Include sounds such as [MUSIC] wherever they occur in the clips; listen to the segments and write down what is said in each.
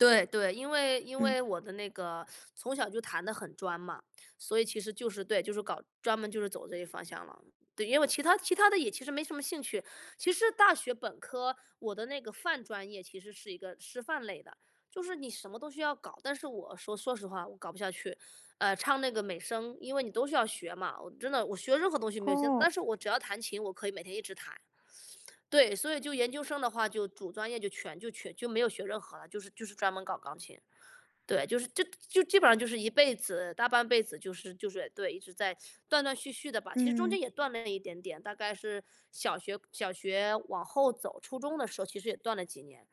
对对，因为因嗯。为我的那个从小就弹得很专嘛，所以其实就是对，就是搞专门就是走这个方向了。对，因为我其他其他的也其实没什么兴趣，其实大学本科，我的那个泛专业其实是一个师范类的。就是你什么都是要搞，但是我说说实话，我搞不下去。呃，唱那个美声，因为你都是要学嘛，我真的我学任何东西没有心，哦。但是我只要弹琴，我可以每天一直弹。对，所以就研究生的话就主专业就全就全就没有学任何了，就是就是专门搞钢琴。对，就是就就基本上就是一辈子大半辈子就是就是对，一直在断断续续的吧，其实中嗯。间也断了一点点。大概是小学小学往后走，初中的时候其实也断了几年，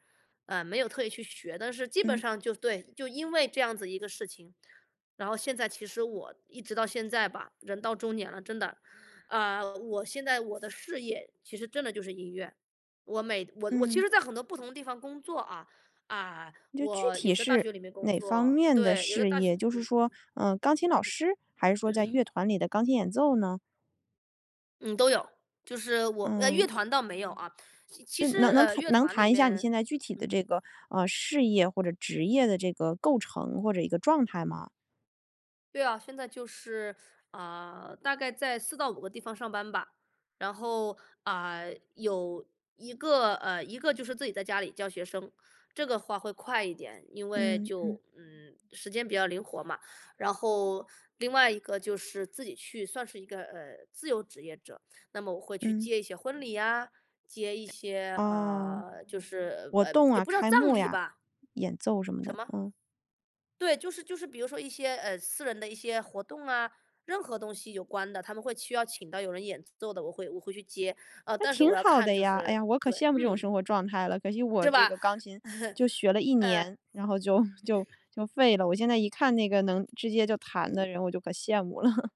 呃，没有特意去学，但是基本嗯。上就对，就因为这样子一个事情，然后现在其实我一直到现在吧，人到中年了，真的，呃，我现在我的事业，其实真的就是音乐。我每我我其嗯。实在很多不同的地方工作啊，嗯，就具我体有在大是学里面工哪方作面的对，有在事大学业？就是工说，呃，钢琴老师，还是说在乐团里的钢琴演奏呢？嗯，都有。就是我呃，乐嗯。团倒没有啊。其实，能能呃，乐能团里谈一下你现面在具体的嗯。这个，呃，事业或者职业的这个构成或者一个状态吗？对啊，现在就是，呃，大概在4-5个地方上班吧。然后，啊，有一个呃，一个就是自己在家里教学生，这个话会快一点。因为嗯嗯。就嗯，时间比较灵活嘛。然后，另外一个就是自己去算是一个，呃，自由职业者，那么我会去嗯。接一些婚礼啊，接一些，哦。呃，就是，活呃，动也啊，不知道开葬幕礼呀，吧。演奏什么的，什么？嗯。对，就是就是比如说一些，呃，私人的一些活动啊，任何东西有关的，他们会需要请到有人演奏的，我会我会去接，呃，那但是挺我要好看的就呀。哎是呀，我可对，羡慕这种嗯。生活状态了，可惜我是这吧？个钢琴就学 [CHUCKLES] 了1嗯。年，然后就就就废了。我现在一看那个能直接就弹嗯。的人，我就可羡慕了。[CHUCKLES]